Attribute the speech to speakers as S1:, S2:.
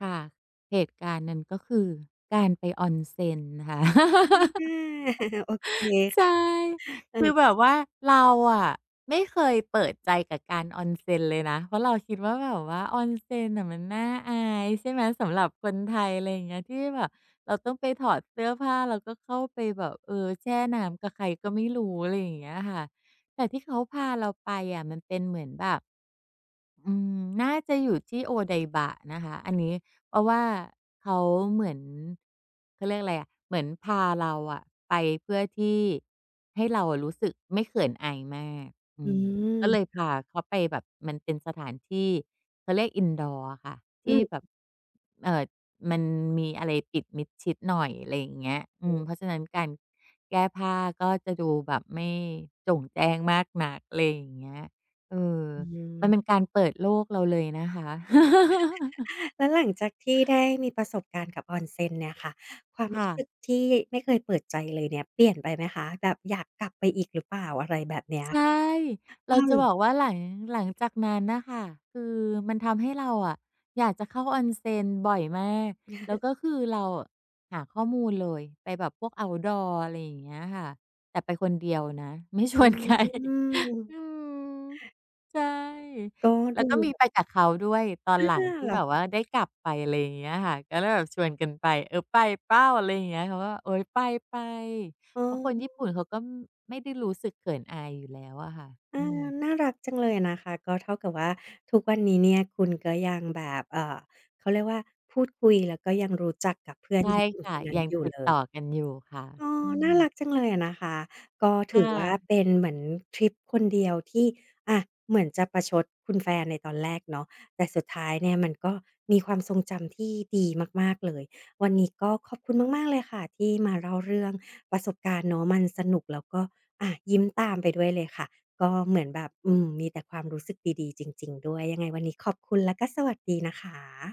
S1: ค่ะ เหตุการณ์นั้นก็คือการไป Onsen นะคะ
S2: ฮั่นแน่ โอเค
S1: ใช่
S2: เอ
S1: คือ
S2: อ
S1: แบบว่าเราอะไม่เคยเปิดใจกับการ Onsen เลยนะ เพราะเราคิดว่า แบบว่า Onsen น่ะ มันน่าอายใช่ไหม สำหรับคนไทย อะไรอย่างเงี้ย ที่แบบเราต้องไปถอดเสื้อผ้า แล้วก็ เข้าไปแบบ เออ แช่น้ำกับใครก็ไม่รู้ อะไรอย่างเงี้ยค่ะ แต่ที่เขาพาเราไปอะมันเป็นเหมือนแบบ อืม น่าจะอยู่ที่ Odaiba นะคะ อันนี้ เพราะว่าเขาเหมือน เขาเรียกอะไรอะ เหมือนพาเราอะไปเพื่อที่ให้เรารู้สึกไม่เขินอายมาก อื
S2: อื
S1: ม ก
S2: ม
S1: ็เลยพ
S2: ค่ะ
S1: าเขาไปแบบ มันเป็นสถานที่ เขาเรียก indoor อะค่ะ ท
S2: อื
S1: ี่แบบ
S2: ม
S1: เอ่อ มันมีอะไรปิดมิดชิดหน่อย อะไรอย่างเงี้ย อื
S2: อื
S1: ม
S2: อ
S1: เพราะฉะนั้นการแก้ผ้าก็จะดูแบบไม่โจ่งแจ้งมากนัก อะไรอย่างเงี้ย เออ
S2: อื
S1: มัน
S2: ม
S1: เป็นการเปิดโลกเราเลยนะคะ
S2: แล้วหลังจากที่ได้มีประสบการณ์กับ Onsen เนี่ยค่ะ ความ
S1: ค
S2: ร
S1: ่
S2: ู้สึ
S1: ะ
S2: กที่ไม่เคยเปิดใจเลยเนี่ยเปลี่ยนไปไหมคะ แบบอยากกลับไปอีกหรือเปล่า? อะไรแบบเนี้ย
S1: ใช่ เ
S2: อ
S1: ร
S2: ื
S1: าจะบ
S2: ม
S1: อกว่าหลัง หลังจากนั้นน่ะค่ะ คือมันทำให้เราอะอยากจะเข้า Onsen บ่อยมาก แล้วก็คือเราอะหาข้อมูลเลย ไปแบบพวก Outdoor อะไรอย่างเงี้ยค่ะ แต่ไปคนเดียวนะ ไม่ช
S2: อื
S1: วน ใคร อื
S2: ม
S1: ม ใช่
S2: ก็
S1: แล
S2: ด
S1: ้
S2: ู
S1: วก็มี
S2: แบบ
S1: ไปกับเขาด้วย ตอ
S2: อ
S1: น
S2: ้า
S1: หลัง
S2: ว
S1: ที
S2: เ
S1: ่
S2: หรอ
S1: แบบ
S2: คะ?
S1: ว่าได้กลับไป อะไรอย่างเงี้ยอะค่ะ ก็เลยแบบชวนกันไป เอ่อ "ไปเปล่า?" อะไรอย่างเงี้ย เขาก็ "โอ๊ย ไป ๆ"
S2: อ้
S1: เพราะคนญี่
S2: อ
S1: ปุ่นเขาก็ ม ไม่ได้รู้สึกเขินอายอยู่แล้วอะค่ะ
S2: เออ
S1: อืม
S2: น่ารักจังเลยอะนะคะ ก็เท่ากับว่าทุกวันนี้เนี่ยคุณก็ยังแบบ เอ่อ เขาเรียกว่า พูดคุย แล้วก็ยังรู้จักกับ เพื่อ
S1: ใช
S2: น
S1: ่
S2: ญี่ปุ่
S1: ค
S2: น
S1: ่
S2: ค
S1: ะ
S2: นนั้
S1: ย
S2: น
S1: ัง
S2: อยู่
S1: ติ
S2: เ
S1: ด
S2: ล
S1: ต่อ
S2: ย
S1: กัน อยู่ค่ะ
S2: อ๋อ
S1: อื
S2: น่
S1: ม
S2: ารักจังเลยอะนะคะ ก็
S1: ค
S2: ถื
S1: ่
S2: อว่า
S1: ะ
S2: เป็นเหมือนทริปคนเดียวที่ อา เหมือนจะประชดคุณแฟนในตอนแรกเนาะ แต่สุดท้ายเนี่ยมันก็มีความทรงจำที่ดีมาก ๆ เลย วันนี้ก็ขอบคุณมาก ๆ เลยค่ะที่มาเล่าเรื่องประสบการณ์เนาะ มันสนุกแล้วก็ อ่า ยิ้มตามไปด้วยเลยค่ะ ก็เหมือนแบบ อืม มีแต่ความรู้สึกดี ๆ จริง ๆ ด้วย ยังไงวันนี้ขอบคุณ และก็สวัสดีนะคะ